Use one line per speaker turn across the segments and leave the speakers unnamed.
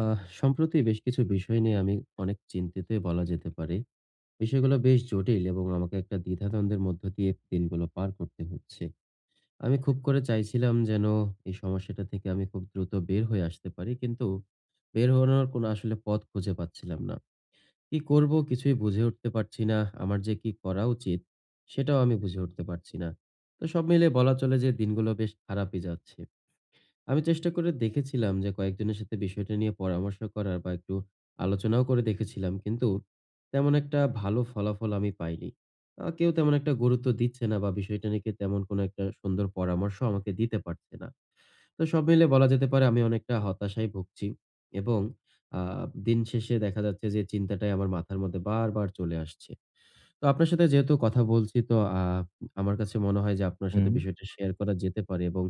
আ সম্প্রতি বেশ কিছু বিষয় নিয়ে আমি অনেক চিন্তিতই বলা যেতে পারে। বিষয়গুলো বেশ জটিল এবং আমাকে একটা দ্বিধাদ্বন্দ্বের মধ্য দিয়ে দিনগুলো পার করতে হচ্ছে। আমি খুব করে চাইছিলাম যেন এই সমস্যাটা থেকে আমি খুব দ্রুত বের হয়ে আসতে পারি কিন্তু বের হওয়ানোর কোনো আসলে পথ খুঁজে পাচ্ছিলাম না। কি করব কিছুই বুঝে উঠতে পারছি না। আমার যে কি করা উচিত? সেটাও আমি বুঝে উঠতে পারছি না। তো সব মিলে বলা চলে যে দিনগুলো বেশ খারাপই যাচ্ছে। আমি চেষ্টা করে দেখেছিলাম যে কয়েকজনের সাথে বিষয়টা নিয়ে পরামর্শ করার বা, একটু আলোচনাও করে দেখেছিলাম কিন্তু তেমন একটা ভালো ফলাফল আমি পাইনি। আ কেউ তেমন একটা গুরুত্ব দিচ্ছে না বা, বিষয়টা নিয়ে কেউ তেমন কোনো একটা সুন্দর পরামর্শও আমাকে দিতে পারছে না। তো সব মিলে বলা যেতে পারে আমি অনেকটা হতাশায় ভুগছি এবং আ দিন শেষে দেখা যাচ্ছে যে চিন্তাটাই আমার মাথার মধ্যে বারবার চলে আসছে। তো আপনার সাথে যেহেতু কথা বলছি তো আপ আমার কাছে মনে হয় যে আপনার সাথে
হুম।
বিষয়টা শেয়ার করা যেতে পারে এবং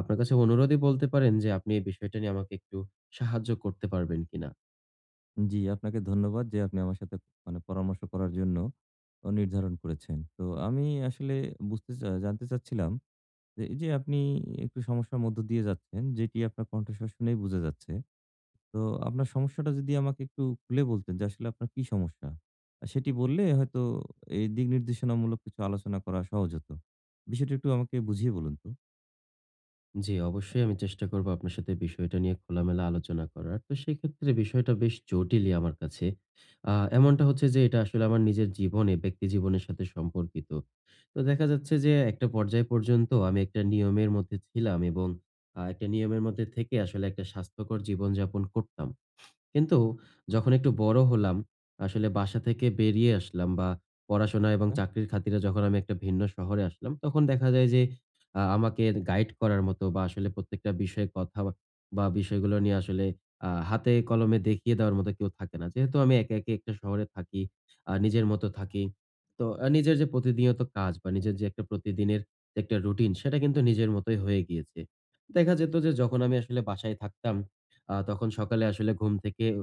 আপনার কাছে অনুরোধই বলতে পারেন যে আপনি এই বিষয়টা নিয়ে আমাকে একটু সাহায্য করতে পারবেন কিনা?
জি, আপনাকে ধন্যবাদ যে আপনি আমার সাথে মানে পরামর্শ করার জন্য নির্ধারণ করেছেন। তো আমি আসলে বুঝতে চা জানতে চাচ্ছিলাম যে এই যে আপনি একটু সমস্যার মধ্য দিয়ে যাচ্ছেন, যেটি আপনার কণ্ঠস্বর শুনেই বুঝা যাচ্ছে। তো আপনার সমস্যাটা যদি আমাকে একটু খুলে বলতেন যে আসলে আপনার কি সমস্যা? সেটি বললে হয়তো এই দিক নির্দেশনামূলক কিছু আলোচনা করা সহজ হত। বিষয়টা একটু আমাকে বুঝিয়ে বলুন তো।
জি, অবশ্যই আমি চেষ্টা করব আপনার সাথে বিষয়টা নিয়ে খোলা-মেলা আলোচনা করার। তো সেক্ষেত্রে বিষয়টা বেশ জটিলই আমার কাছে। আ এমনটা হচ্ছে যে এটা আসলে আমার নিজের জীবনে, ব্যক্তি জীবনের সাথে সম্পর্কিত। তো দেখা যাচ্ছে যে একটা পর্যায় পর্যন্ত আমি একটা নিয়মের মধ্যে ছিলাম এবং আ একটা নিয়মের মধ্যে থেকে আসলে একটা স্বাস্থ্যকর জীবন যাপন করতাম। কিন্তু যখন একটু বড় হলাম, আসলে বাসা থেকে বেরিয়ে আসলাম বা পড়াশোনা এবং
[unintelligible]
চাকরির খাতিরে যখন আমি একটা ভিন্ন শহরে আসলাম তখন দেখা যায় যে আ আমাকে গাইড করার মতো বা, আসলে প্রত্যেকটা বিষয়ে কথা বা, বিষয়গুলো নিয়ে আসলে আ হাতে-কলমে দেখিয়ে দেওয়ার মতো কেউ থাকে না। যেহেতু আমি একা, একা একটা শহরে থাকি, আর নিজের মতো থাকি। তো নিজের যে প্রতিদিনীয়ত কাজ বা নিজের যে একটা প্রতিদিনের একটা রুটিন সেটা কিন্তু নিজের মতোই হয়ে গিয়েছে। দেখা যেত যে যখন আমি আসলে বাসায় থাকতাম আ তখন সকালে আসলে ঘুম থেকে উ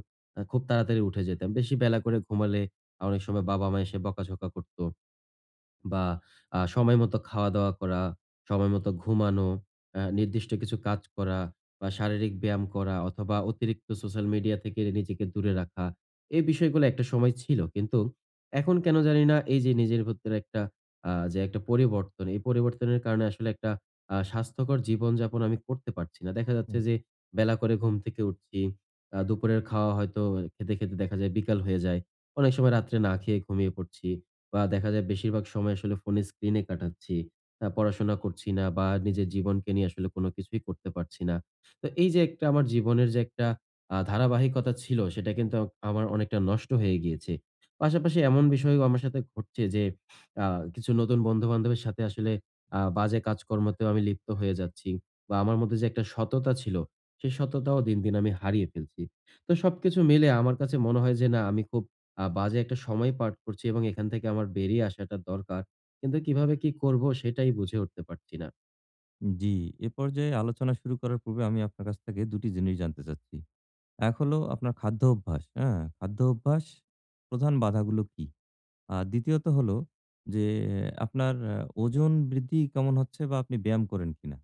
খুব তাড়াতাড়ি উঠে যেতাম। বেশি বেলা করে ঘুমালে অনেক সময় বাবা-মা এসে বকা-ঝকা করত। বা আ সময়মতো খাওয়া-দাওয়া করা, সময় মতো ঘুমানো অ্যা নির্দিষ্ট কিছু কাজ করা বা শারীরিক ব্যায়াম করা অথবা অতিরিক্ত সোশ্যাল মিডিয়া থেকে নিজেকে দূরে রাখা এই বিষয়গুলো একটা সময় ছিল। কিন্তু এখন কেন জানি না এই যে নিজের ভিতরে একটা আ যে একটা পরিবর্তন। এই পরিবর্তনের কারণে আসলে একটা আ স্বাস্থ্যকর জীবনযাপন আমি করতে পারছি না। দেখা যাচ্ছে।
হুম।
যে বেলা করে ঘুম থেকে উঠছি। আ দুপুরের খাওয়া হয়তো খেতে, খেতে দেখা যায় বিকাল হয়ে যায়। অনেক সময় রাত্রে না খেয়ে ঘুমিয়ে পড়ছি। বা দেখা যায় বেশিরভাগ সময় আসলে ফোনে স্ক্রিনে কাটাচ্ছি। অ্যা পড়াশোনা করছি না বা নিজের জীবনকে নিয়ে আসলে কোন কিছুই করতে পারছি না। তো এই যে একটা, আমার জীবনের যে একটা আ ধারাবাহিকতা ছিল সেটা কিন্তু আমার অনেকটা নষ্ট হয়ে গিয়েছে। পাশাপাশি এমন বিষয়ও আমার সাথে ঘটছে যে আ কিছু নতুন বন্ধু-বান্ধবের সাথে আসলে আ বাজে কাজকর্মতেও আমি লিপ্ত হয়ে যাচ্ছি। বা আমার মধ্যে যে একটা সততা ছিল, সে সততাও দিন, দিন আমি হারিয়ে ফেলছি। তো সবকিছু মিলে আমার কাছে মনে হয় যে না আমি খুব আ বাজে একটা সময় পার করছি এবং এখান থেকে আমার বেরিয়ে আসাটা দরকার। কিন্তু কিভাবে কি করব সেটাই বুঝে উঠতে পারছি না।
জ্বী। এ পর্যায়ে আলোচনা শুরু করার পূর্বে আমি আপনার কাছ থেকে দুটি জিনিস জানতে চাচ্ছি। ১ হলো আপনার খাদ্য অভ্যাস, অ্যা খাদ্য অভ্যাস প্রধান বাধাগুলো কি? আর দ্বিতীয়ত হলো যে আপনার আ ওজন বৃদ্ধি কেমন হচ্ছে বা আপনি ব্যায়াম করেন কিনা?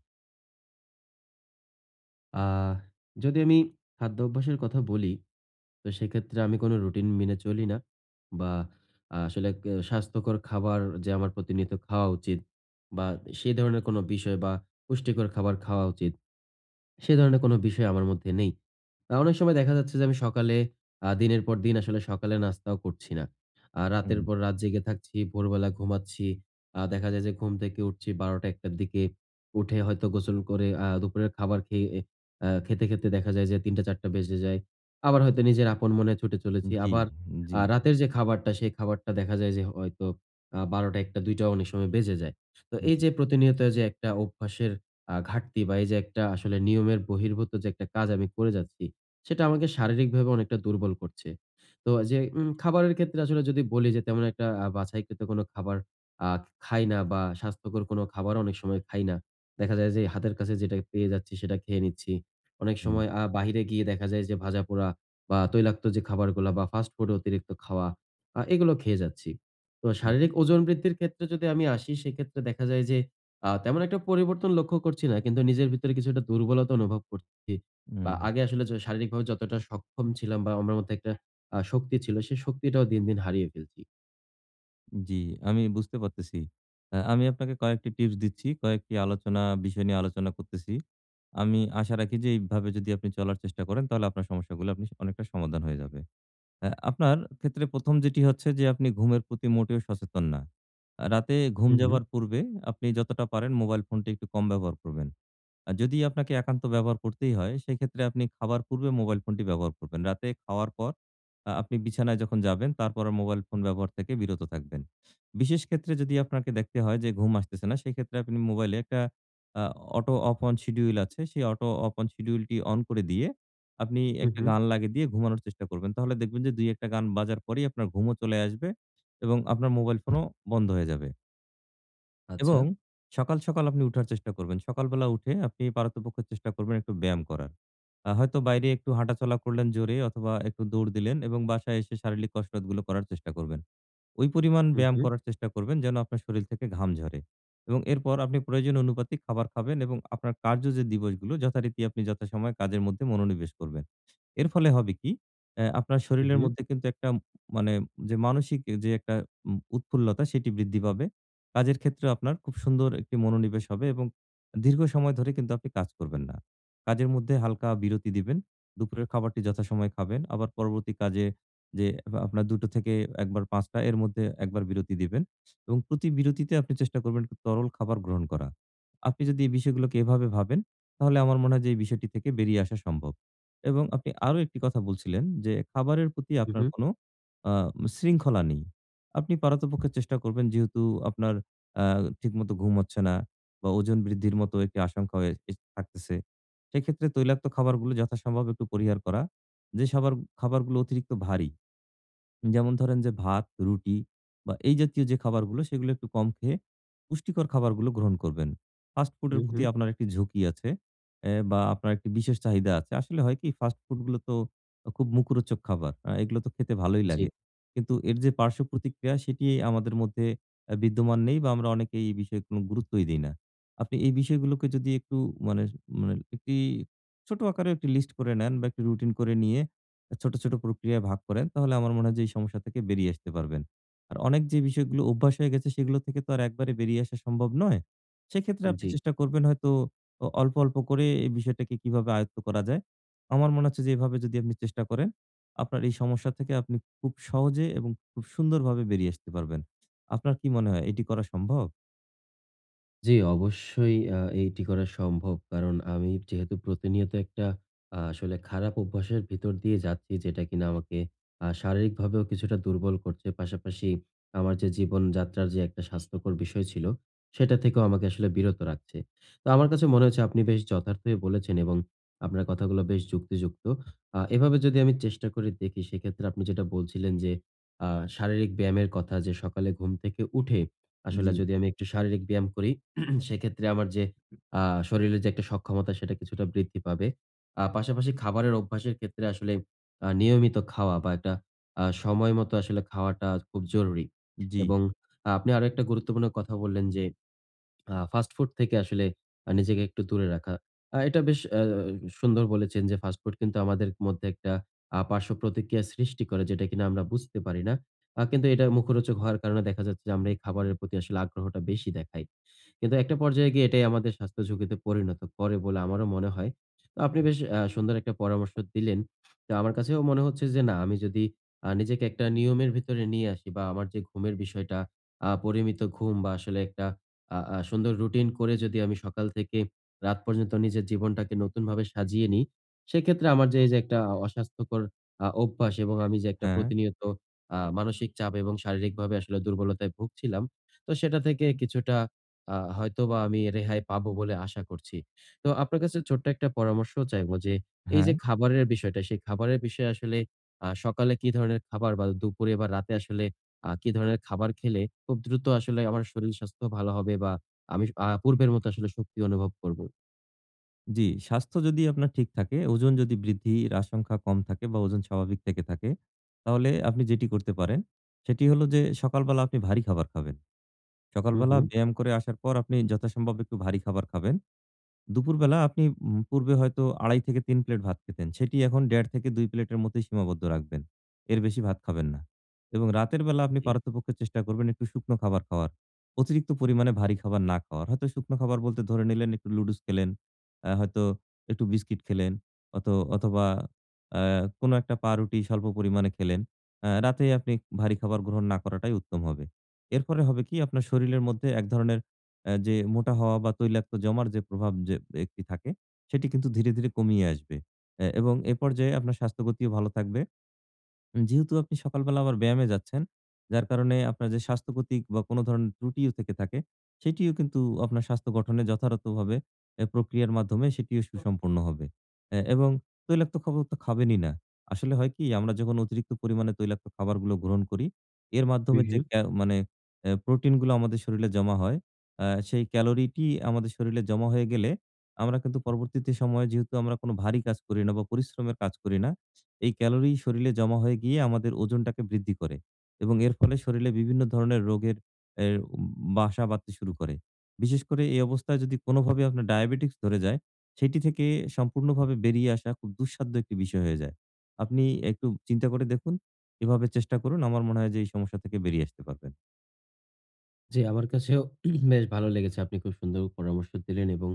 আ যদি আমি খাদ্য অভ্যাসের কথা বলি, তো সেক্ষেত্রে আমি কোনো রুটিন মেনে চলি না বা আ আসলে কে স্বাস্থ্যকর খাবার যে আমার প্রতিনিয়ত খাওয়া উচিত বা সে ধরনের কোনো বিষয় বা পুষ্টিকর খাবার খাওয়া উচিত। সে ধরনের কোনো বিষয় আমার মধ্যে নেই। না অনেক সময় দেখা যাচ্ছে যে আমি সকালে আ দিনের পর দিন আসলে সকালে নাস্তাও করছি না। আ রাতের
হুম।
পর রাত জেগে থাকছি, ভোরবেলা ঘুমাচ্ছি। আ দেখা যায় যে ঘুম থেকে উঠছি ১২ঃ০০, ১ঃ০০ র দিকে। উঠে হয়তো গোসল করে আ দুপুরের খাবার খেয়ে আ খেতে, খেতে দেখা যায় যে ৩ঃ০০, ৪ঃ০০ বেজে যায়। আবার হয়তো নিজের আপন মনে ছুটে চলেছি।
জ্বী
আবার
,জ্বী।
আ রাতের যে খাবারটা, সেই খাবারটা দেখা যায় যে হয়তো আ ১২ঃ০০, ১ঃ০০, ২ঃ০০ অনেক সময় বেজে যায়। তো
উ
এই
জি।
যে প্রতিনিয়ত যে একটা অভ্যাসের আ ঘাটতি বা এই যে একটা আসলে নিয়মের বহির্ভূত যে একটা কাজ আমি করে যাচ্ছি, সেটা আমাকে শারীরিকভাবে অনেকটা দুর্বল করছে। তো যে উম খাবারের ক্ষেত্রে আসলে যদি বলি যে তেমন একটা আ বাছাই কৃত খাবার আ খাই না বা স্বাস্থ্যকর কোনো খাবারও অনেক সময় খাই না। দেখা যায় যে হাতের কাছে যেটা পেয়ে যাচ্ছি সেটা খেয়ে নিচ্ছি। অনেক
হুম।
সময় আ বাহিরে গিয়ে দেখা যায় যে ভাজাপোড়া বা তৈলাক্ত যে খাবারগুলা বা ফাস্ট ফুড এর অতিরিক্ত খাওয়া আ এগুলো খেয়ে যাচ্ছি। তো শারীরিক
হু।
ওজন বৃদ্ধির ক্ষেত্রে যদি আমি আসি সেক্ষেত্রে দেখা যায় যে আ তেমন একটা পরিবর্তন লক্ষ্য করছি না। কিন্তু নিজের ভেতরে কিছুটা দুর্বলতা অনুভব করছি। বা
হুম।
আগে আসলে যে শারীরিকভাবে যতটা সক্ষম ছিলাম বা আমার মধ্য একটা আ শক্তি ছিল সে শক্তিটাও দিন, দিন হারিয়ে ফেলছি।
জ্বী, আমি বুঝতে পারতেছি। আ আমি আপনাকে কয়েকটি টিপস দিচ্ছি, কয়েকটি আলোচনা বিষয় নিয়ে আলোচনা করতেছি। আমি আশা রাখি যে এইভাবে যদি আপনি চলার চেষ্টা করেন তাহলে আপনার সমস্যাগুলো আপনি স অনেকটা সমাধান হয়ে যাবে। আ আপনার ক্ষেত্রে ১ম যেটি হচ্ছে যে, আপনি ঘুমের প্রতি মোটেও সচেতন না। আ রাতে ঘুম
হু, হু।
যাওয়ার পূর্বে আপনি যতটা পারেন মোবাইল ফোনটা একটু কম ব্যবহার করবেন। আ যদি আপনাকে একান্ত ব্যবহার করতেই হয়, সেক্ষেত্রে আপনি খাবার পূর্বে মোবাইল ফোনটি ব্যবহার করবেন। রাতে খাওয়ার পর আ আপনি বিছানায় যখন যাবেন, তারপর আর মোবাইল ফোন ব্যবহার থেকে বিরত থাকবেন। বিশেষ ক্ষেত্রে যদি আপনাকে দেখতে হয় যে, ঘুম আসতেছে না, সেক্ষেত্রে আপনি মোবাইলে একটা আ অটো অফ অন শিডিউল আছে; সেই অটো অফ অন শিডিউল টি অন করে দিয়ে, আপনি
হু,
একটি
হু।
গান লাগিয়ে দিয়ে ঘুমানোর চেষ্টা করবেন। তাহলে দেখবেন যে ২, ১ টা গান বাজার পরেই আপনার ঘুমও চলে আসবে এবং আপনার মোবাইল ফোনও বন্ধ হয়ে যাবে।
আচ্ছা।
এবং সকাল, সকাল আপনি উঠার চেষ্টা করবেন। সকালবেলা উঠে আপনি পারতপক্ষে চেষ্টা করবেন একটু ব্যায়াম করার। অ্যাঁ হয়তো বাইরে একটু হাঁটাচলা করলেন জোরে অথবা একটু দৌড় দিলেন এবং বাসায় এসে শারীরিক কসরতগুলো করার চেষ্টা করবেন। ওই পরিমাণ
হু,
ব্যায়াম
হু।
করার চেষ্টা করবেন যেন, আপনার শরীর থেকে ঘাম ঝরে। এবং এরপর আপনি প্রয়োজন অনুপাতে খাবার খাবেন এবং আপনার কার্য যে দিবসগুলো যথারীতি আপনি যথাসময়ে কাজের মধ্যে মনোনিবেশ করবেন। এর ফলে হবে কী, অ্যা আপনার
হু,
শরীরের
হু।
মধ্যে কিন্তু একটা মানে যে মানসিক যে একটা অ্যা উৎফুল্লতা সেটি বৃদ্ধি পাবে। কাজের ক্ষেত্রেও আপনার খুব সুন্দর একটি মনোনিবেশ হবে এবং দীর্ঘ সময় ধরে কিন্তু আপনি কাজ করবেন না। কাজের মধ্যে হালকা বিরতি দিবেন। দুপুরের খাবারটি যথাসময়ে খাবেন। আবার পরবর্তী কাজে যেয়ে আপনার দুটো থেকে ১ বার ৫ টা এর মধ্যে একবার বিরতি দিবেন। এবং প্রতি বিরতিতে আপনি চেষ্টা করবেন তরল খাবার গ্রহণ করা। আপনি যদি এই বিষয়গুলোকে এভাবে ভাবেন, তাহলে আমার মনে হয় যে এই বিষয়টি থেকে বেরিয়ে আসা সম্ভব। এবং আপনি আরো একটি কথা বলছিলেন যে, খাবারের প্রতি
হু,
আপনার
হু।
কোন আ শৃঙ্খলা নেই। আপনি পারতপক্ষে চেষ্টা করবেন যেহেতু আপনার আ ঠিকমতো ঘুম হচ্ছে না বা ওজন বৃদ্ধির মতো একটি আশঙ্কা হয়ে [unintelligible] থাকতেছে। সেক্ষেত্রে তৈলাক্ত খাবারগুলো যথাসম্ভব একটু পরিহার করা। যে শবার খাবারগুলো অতিরিক্ত ভারী। যেমন ধরেন যে ভাত, রুটি বা এই জাতীয় যে খাবারগুলো সেগুলো একটু কম খেয়ে পুষ্টিকর খাবারগুলো গ্রহণ করবেন। ফাস্ট ফুড এর
হুম,
প্রতি
হুম।
আপনার একটি ঝুঁকি আছে অ্যাঁ বা আপনার একটি বিশেষ চাহিদা আছে। আসলে হয় কি ফাস্ট ফুড গুলো তো আ খুব মুখরোচক খাবার। অ্যাঁ এগুলো তো খেতে ভালোই লাগে।
জ্বী।
কিন্তু এর যে পার্শ্বপ্রতিক্রিয়া সেটি আমাদের মধ্যে আ বিদ্যমান নেই বা আমরা অনেকে এই বিষয়ে কোন গুরুত্বই দেই না। আপনি এই বিষয়গুলোকে যদি একটু মানে মানে একটি ছোট আকারে একটি লিস্ট করে নেন বা একটা রুটিন করে নিয়ে; ছোট, ছোট প্রক্রিয়ায় ভাগ করেন তাহলে আমার মনে হয় যে এই সমস্যা থেকে বেরিয়ে আসতে পারবেন। আর অনেক যে বিষয়গুলো অভ্যাস হয়ে গেছে সেগুলো থেকে তো আর একবারে বেরিয়ে আসা সম্ভব নয়। সেক্ষেত্রে আপনি
জ্বী।
চেষ্টা করবেন হয়তো, আ অল্প, অল্প করে এই বিষয়টাকে কিভাবে আয়ত্ত করা যায়। আমার মনে হচ্ছে যে এভাবে যদি আপনি চেষ্টা করেন, আপনার এই সমস্যা থেকে আপনি খুব সহজে এবং খুব সুন্দরভাবে বেরিয়ে আসতে পারবেন। আপনার কি মনে হয় এটি করা সম্ভব?
জী, অবশ্যই। আ এটি করা সম্ভব। কারণ আমি যেহেতু প্রতিনিয়ত, একটা আ আসলে খারাপ অভ্যাসের ভিতর দিয়ে যাচ্ছি। যেটা কিনা আমাকে আ শারীরিকভাবেও কিছুটা দুর্বল করছে। পাশাপাশি আমার যে জীবন যাত্রার যে একটা স্বাস্থ্যকর বিষয় ছিল। সেটা থেকেও আমাকে আসলে বিরত রাখছে। তো আমার কাছে মনে হচ্ছে, আপনি বেশ যথার্থই বলেছেন। এবং আপনার কথাগুলো বেশ যুক্তিযুক্ত। আ এভাবে যদি আমি চেষ্টা করে দেখি। সেক্ষেত্রে আপনি যেটা বলছিলেন, যে আ শারীরিক ব্যায়ামের কথা। যে সকালে ঘুম থেকে উঠে, আসলে
জ্বি।
যদি আমি একটু শারীরিক ব্যায়াম করি। সেক্ষেত্রে আমার যে আ শরীরে যে একটা সক্ষমতা, সেটা কিছুটা বৃদ্ধি পাবে। আ পাশাপাশি খাবারের অভ্যাসের ক্ষেত্রে, আসলে আ নিয়মিত খাওয়া বা একটা আ সময় মতো আসলে খাওয়াটা খুব জরুরী।
জ্বি।
এবং আপনি আরও একটা গুরুত্বপূর্ণ কথা বললেন। যে আ ফাস্ট ফুড থেকে আসলে নিজেকে একটু দূরে রাখা। আ এটা বেশ আ আ সুন্দর বলেছেন। যে ফাস্ট ফুড কিন্তু আমাদের মধ্যে একটা আ পার্শ্বপ্রতিক্রিয়া সৃষ্টি করে। যেটা কিনা আমরা বুঝতে পারি না। আ কিন্তু এটা মুখরোচক হওয়ার কারণে, দেখা যাচ্ছে, যে আমরা এই খাবারের প্রতি আসলে আগ্রহটা বেশি দেখাই। কিন্তু একটা পর্যায়ে গিয়ে এটাই আমাদের স্বাস্থ্য ঝুঁকিতে পরিণত করে বলে আমারও মনে হয়। তো আপনি বেশ আ সুন্দর একটা পরামর্শ দিলেন। তো আমার কাছেও মনে হচ্ছে যে, না। আমি যদি আ নিজেকে একটা নিয়মের ভিতরে নিয়ে আসি বা আমার যে ঘুমের বিষয়টা। আ পরিমিত ঘুম বা আসলে একটা আ আ সুন্দর রুটিন করে, যদি আমি সকাল থেকে রাত পর্যন্ত নিজের জীবনটাকে নতুনভাবে সাজিয়ে নিই। সেক্ষেত্রে আমার যে এই যে একটা অস্বাস্থ্যকর আ অভ্যাস এবং আমি যে
হ্যাঁ।
প্রতিনিয়ত আ মানসিক চাপ এবং শারীরিকভাবে আসলে দুর্বলতায় ভুগছিলাম। তো সেটা থেকে কিছুটা আ হয়তোবা আমি রেহাই পাবো বলে, আশা করছি। তো আপনার কাছে ছোট্ট একটা পরামর্শও চাইবো। যে এই যে
হ্যাঁ।
খাবারের বিষয়টা, সেই খাবারের বিষয়ে আসলে আ সকালে কি ধরনের খাবার? বা দুপুরে বা রাতে আসলে আ কি ধরনের খাবার খেলে, খুব দ্রুত আসলে আমার শরীর স্বাস্থ্য ভালো হবে বা আমি আ পূর্বের মতো আসলে শক্তি অনুভব করব?
জ্বী, স্বাস্থ্য যদি আপনার ঠিক থাকে, ওজন যদি বৃদ্ধির আশংকা কম থাকে বা ওজন স্বাভাবিক থেকে থাকে, তাহলে আপনি যেটি করতে পারেন, সেটি হলো যে সকালবেলা আপনি ভারী খাবার খাবেন।
হুম,
সকালবেলা
হুম।
ব্যায়াম করে আসার পর আপনি যথাসম্ভব একটু ভারী খাবার খাবেন। দুপুরবেলা আপনি উম পূর্বে হয়তো ২.৫০ থেকে ৩ প্লেট ভাত খেতেন, সেটি এখন ১.৫ থেকে ২ প্লেটের মতোই সীমাবদ্ধ রাখবেন, এর বেশি ভাত খাবেন না। এবং রাতের বেলা আপনি
জ্বী।
পারতপক্ষে চেষ্টা করবেন একটু শুকনো খাবার খাওয়ার, অতিরিক্ত পরিমাণে ভারী খাবার না খাওয়ার। হয়তো শুকনো খাবার বলতে ধরে নিলেন, একটু লুডুস খেলেন, আ হয়তো একটু বিস্কিট খেলেন, অথ অথবা আ কোনো একটা পাউরুটি স্বল্প পরিমাণে খেলেন। আ রাতে আপনি ভারী খাবার গ্রহণ না করাটাই উত্তম হবে। এরপরে হবে কি? আপনার শরীরের মধ্যে এক ধরনের অ্যা যে মোটা হওয়া বা তৈলাক্ত জমার যে প্রভাব যে একটি থাকে, সেটি কিন্তু ধীরে, ধীরে কমিয়ে আসবে। অ্যা এবং এপর্যায়ে আপনার স্বাস্থ্যগতিও ভালো থাকবে। উম যেহেতু আপনি সকালবেলা আবার ব্যায়ামে যাচ্ছেন, যার কারণে আপনার যে স্বাস্থ্যক্ষতিক বা কোনো ধরণের ত্রুটিও থেকে থাকে? সেটিও কিন্তু আপনার স্বাস্থ্য গঠনে যথারথভাবে অ্যা প্রক্রিয়ার মাধ্যমে সেটিও
[unintelligible]
সুসম্পন্ন হবে। অ্যা এবং তৈলাক্ত খাবার তো খাবেনই না। আসলে হয় কি? আমরা যখন অতিরিক্ত পরিমাণে তৈলাক্ত খাবারগুলো গ্রহণ করি, এর
হুম,
মাধ্যমে
হু।
যে ক্যা মানে এ প্রোটিন গুলো আমাদের শরীরে হয়, আ সেই ক্যালোরিটি আমাদের শরীরে জমা হয়ে গেলে, আমরা কিন্তু পরবর্তীতে সময়ে যেহেতু আমরা কোনো ভারী কাজ করি না বা পরিশ্রমের কাজ করি না, এই ক্যালোরি শরীরে জমা হয়ে গিয়ে, আমাদের ওজনটাকে বৃদ্ধি করে। এবং এর ফলে শরীরে বিভিন্ন ধরনের রোগের এ উ বাসা বাধতে শুরু করে। বিশেষ করে এই অবস্থায়, যদি কোনোভাবে আপনার ডায়াবেটিকস ধরে যায়? সেটি থেকে সম্পূর্ণভাবে বেরিয়ে আসা খুব দুঃসাধ্য একটি বিষয় হয়ে যায়। আপনি একটু চিন্তা করে দেখুন, এভাবে চেষ্টা করুন, আমার মনে হয় যে এই সমস্যা থেকে বেরিয়ে আসতে পারবেন।
জ্বী, আমার কাছেও বেশ ভালো লেগেছে, আপনি খুব সুন্দর পরামর্শ দিলেন এবং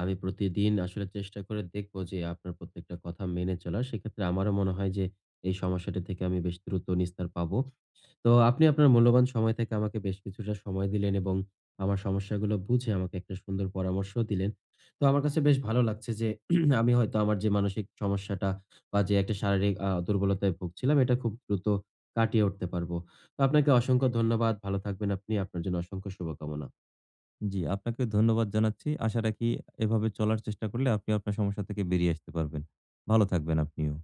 আমি প্রতিদিন আসলে চেষ্টা করে দেখবো যে, আপনার প্রত্যেকটা কথা মেনে চলার। সেক্ষেত্রে আমারও মনে হয় যে, এই সমস্যাটি থেকে আমি বেশ দ্রুত নিস্তার পাবো। তো আপনি আপনার মূল্যবান সময় থেকে আমাকে বেশ কিছুটা সময় দিলেন এবং আমার সমস্যাগুলো বুঝে, আমাকে একটা সুন্দর পরামর্শ দিলেন। তো আমার কাছে বেশ ভালো লাগছে যে, আমি হয়তো আমার যে মানসিক সমস্যাটা বা যে একটা শারীরিক আ দুর্বলতায় ভুগছিলাম, এটা খুব দ্রুত কাটিয়ে উঠতে পারবো। তো আপনাকে অসংখ্য ধন্যবাদ, ভালো থাকবেন আপনি, আপনার জন্য অসংখ্য শুভকামনা।
জ্বী, আপনাকে ধন্যবাদ জানাচ্ছি। আশা রাখি এভাবে চলার চেষ্টা করলে আপনি আপনার সমস্যা থেকে বেরিয়ে আসতে পারবেন। ভালো থাকবেন আপনিও।